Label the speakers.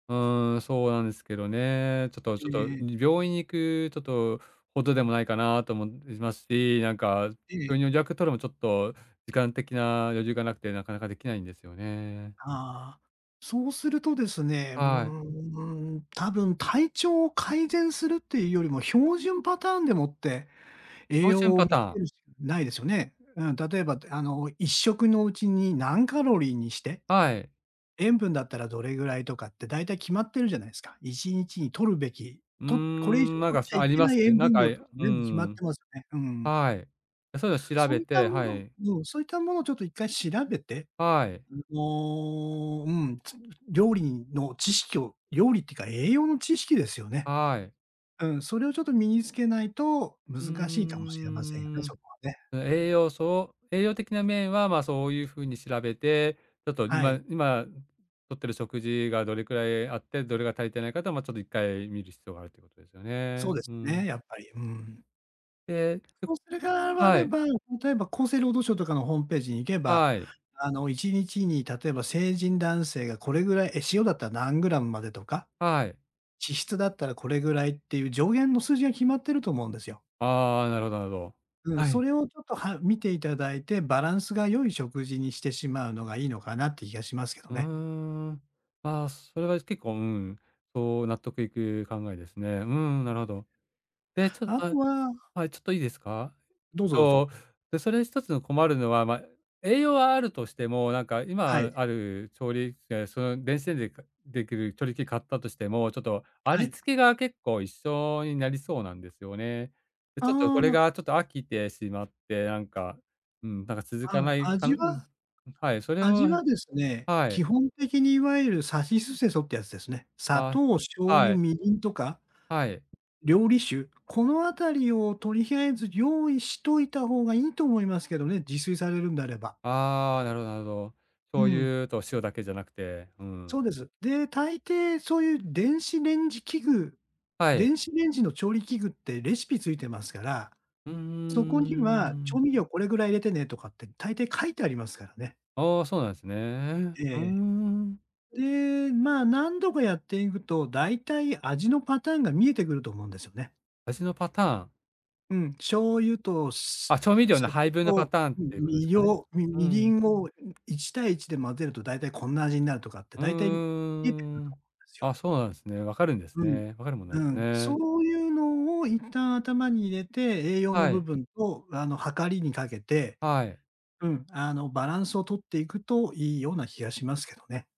Speaker 1: うーん、そうなんすけどね。ちょっと
Speaker 2: え
Speaker 1: ちょっと、
Speaker 2: え。
Speaker 1: び病院に行く、ちょっと、程でもないかなとも、ますし、なんか、
Speaker 2: ええ。
Speaker 1: 病院予約取るも、ちょっと時間的な余裕がなくてなかなか出来ないんですよね。
Speaker 2: ああ、そうするとですね、うー
Speaker 1: はい。
Speaker 2: ん、うーん、多分体調を改善するってゆうよりも、標準パターンでもって、栄
Speaker 1: 標準
Speaker 2: 養を
Speaker 1: パ
Speaker 2: 見
Speaker 1: タ
Speaker 2: 付
Speaker 1: ー
Speaker 2: け
Speaker 1: ン。
Speaker 2: るしかないですよね。うん、例えば、で、あの、1食のうちに何カロリーにして、
Speaker 1: はい。
Speaker 2: 塩分だったらどれぐらいとかって大体決まってるじゃないすか。1日にとるべき、
Speaker 1: うー
Speaker 2: と、これ以
Speaker 1: ん、
Speaker 2: 上
Speaker 1: なん
Speaker 2: とっ
Speaker 1: か、
Speaker 2: ち
Speaker 1: そ
Speaker 2: ゃ
Speaker 1: あ
Speaker 2: い
Speaker 1: り
Speaker 2: け
Speaker 1: ま
Speaker 2: な
Speaker 1: す
Speaker 2: い
Speaker 1: く？
Speaker 2: 塩
Speaker 1: なん
Speaker 2: 分
Speaker 1: か、
Speaker 2: 量
Speaker 1: いや、
Speaker 2: とか
Speaker 1: うー
Speaker 2: 全部決まっ
Speaker 1: ん。
Speaker 2: てますね。うんうん。
Speaker 1: はい。あ、そうの調
Speaker 2: そう
Speaker 1: べ
Speaker 2: いった
Speaker 1: て
Speaker 2: も
Speaker 1: は
Speaker 2: の
Speaker 1: い。
Speaker 2: うん、そういったものちょっと1回調べて。
Speaker 1: はい。
Speaker 2: うん、もう、うん、つ料理にの知識を、料理ってか栄養の知識ですよね。
Speaker 1: はい。
Speaker 2: うん、それをちょっと身に付けないと
Speaker 1: うー
Speaker 2: 難しいかもしれませんよね、
Speaker 1: ん、ん、
Speaker 2: そこはね。
Speaker 1: 栄養素栄養的な面は、まあ、そうゆう風に調べて、ちょっと
Speaker 2: は
Speaker 1: 今
Speaker 2: い。
Speaker 1: 今、ん、とってる食事がどれくらいあって、どれが足りてないかと、まあ、ちょっと1回見る必要があるって事ですよ
Speaker 2: そう
Speaker 1: ね。
Speaker 2: で
Speaker 1: う
Speaker 2: す
Speaker 1: ー
Speaker 2: ね、
Speaker 1: ん。
Speaker 2: やっぱり。うーん。
Speaker 1: で、ちょっ
Speaker 2: そう、それが、わ
Speaker 1: は
Speaker 2: れ
Speaker 1: い。
Speaker 2: ば、例えば厚生労働省とかのホームページに行けば、
Speaker 1: はい。
Speaker 2: あの、1日に、例えば成人男性がこれぐらい、え、塩だったら何グラムまでとか、
Speaker 1: はい。
Speaker 2: 脂質だったらこれぐらいってゆう上限の数字が決まってると思うんですよ。
Speaker 1: ああ、なるほどなるほど。
Speaker 2: うん、
Speaker 1: は
Speaker 2: そ
Speaker 1: い。
Speaker 2: れをちょっと、は見て頂いて、バランスが良い食事にしてしまうのがいいのかなって気がしますけど
Speaker 1: うー
Speaker 2: ね。
Speaker 1: ん、ああ、それは結構、うん、そう、納得いく考えですね、うんうん、なるほど。で、ちょっ
Speaker 2: あ
Speaker 1: あ、
Speaker 2: とは
Speaker 1: はい、ちょっといいですか？
Speaker 2: どうぞ、どうぞ。
Speaker 1: と、で、それ一つの困るのは、ま、栄養はあるとしても、なんか
Speaker 2: は
Speaker 1: 今
Speaker 2: い。
Speaker 1: ある調理きけんその、電子レンジでか出来る調理器買ったとしても、ちょっと
Speaker 2: は
Speaker 1: 味
Speaker 2: い。
Speaker 1: 付けが結構一緒になりそうなんですよね。ちょちょっと
Speaker 2: あ
Speaker 1: これ
Speaker 2: あ。
Speaker 1: が、ちょっと飽きてしまって、なんか、うん、なんか続
Speaker 2: あ、
Speaker 1: か
Speaker 2: ん、
Speaker 1: ないかん
Speaker 2: 味
Speaker 1: うん。ん、
Speaker 2: は
Speaker 1: はい、それ
Speaker 2: 味
Speaker 1: を
Speaker 2: はですね、
Speaker 1: は
Speaker 2: 基
Speaker 1: い。
Speaker 2: 本的にいわゆる、さしすせそってやつですね。砂
Speaker 1: あ、
Speaker 2: 糖、醤
Speaker 1: は
Speaker 2: 油、
Speaker 1: い。
Speaker 2: みりんとか、
Speaker 1: はい。
Speaker 2: 料理酒、このあたりをとりあえず用意しといた方がいいと思いますけどね、自炊されるんであれば。
Speaker 1: ああ、なるほどなるほど。
Speaker 2: う
Speaker 1: 醤
Speaker 2: ん。
Speaker 1: 油と塩だけじゃなくて、うん。
Speaker 2: そうです。で、大抵そうゆう電子レンジ器具
Speaker 1: はい。
Speaker 2: 電子レンジの調理器具ってレシピ付いてますから、
Speaker 1: うんうんう
Speaker 2: そこ
Speaker 1: ん、
Speaker 2: に
Speaker 1: うう
Speaker 2: は、
Speaker 1: う
Speaker 2: 調
Speaker 1: ん。
Speaker 2: 味料これぐらい入れてね、とかって大抵書いてありますからね。
Speaker 1: ああ、そうなんすね、
Speaker 2: え
Speaker 1: うー
Speaker 2: ええ
Speaker 1: ん。
Speaker 2: え。で、まあ、何度かやっていぐと、大体味のパターンが見えてくると思うんですよね。
Speaker 1: 味のパターン。
Speaker 2: うん、醤油と、す
Speaker 1: あ、調味料の
Speaker 2: 酒
Speaker 1: 配分のパ
Speaker 2: と、
Speaker 1: ターンっ
Speaker 2: み
Speaker 1: て事
Speaker 2: み
Speaker 1: す
Speaker 2: り
Speaker 1: かね。
Speaker 2: ょうみ
Speaker 1: うー
Speaker 2: みりん
Speaker 1: ん。
Speaker 2: を、い1対1で混ぜると大体こんな味になるとかって、
Speaker 1: うんうん
Speaker 2: 大体、見えてくる
Speaker 1: うんうんう
Speaker 2: と思
Speaker 1: ん。
Speaker 2: いますよ。
Speaker 1: あ、そうなんすね、分かるんです
Speaker 2: うん。
Speaker 1: ね、分かるもんな
Speaker 2: う
Speaker 1: んす
Speaker 2: ん、
Speaker 1: ね。
Speaker 2: そうゆうのを一旦頭に入れて、栄養の
Speaker 1: は
Speaker 2: 部
Speaker 1: い。
Speaker 2: 分と、あの、はかりに掛けて
Speaker 1: はい。
Speaker 2: うん、あの、バランスを取っていくといいような気がしますけどね。